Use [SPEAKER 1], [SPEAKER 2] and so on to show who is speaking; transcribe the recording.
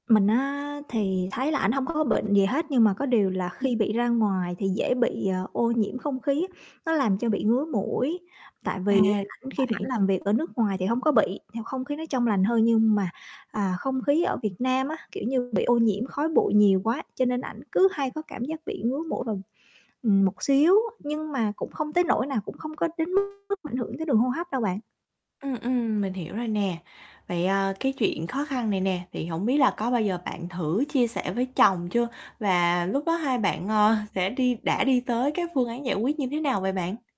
[SPEAKER 1] Mình á thì thấy là ảnh hông có bệnh gì hết, nhưng mà có điều là
[SPEAKER 2] Ừm.
[SPEAKER 1] khi bị ra ngoài thì dễ bị, ờ, ô nhiễm không khí, nó làm cho bị ngứa mũi. Tại
[SPEAKER 2] À,
[SPEAKER 1] vì ảnh khi mà ảnh
[SPEAKER 2] vậy.
[SPEAKER 1] làm việc ở nước ngoài thì hông có bị, nhiều không khí nó trong lành hơn. Nhưng mà, à, không khí ở Việt Nam á, kiểu như, bị ô nhiễm khói bụi nhiều quá cho nên ảnh cứ hay có cảm giác bị ngứa mũi vào, ừm, một xíu, nhưng mà cũng không tới nỗi nào, cũng không có đến mức mà ảnh hưởng tới đường hô hấp đâu bạn.
[SPEAKER 2] Ừm, ừm, mình hiểu rồi nè. Vậy, à, cái chuyện khó khăn này nè, thì hổng biết là có bao giờ bạn thử chia sẻ với chồng chưa và lúc đó hai bạn, ờ, sẽ đi đã đi tới các phương án giải quyết như thế nào vậy bạn?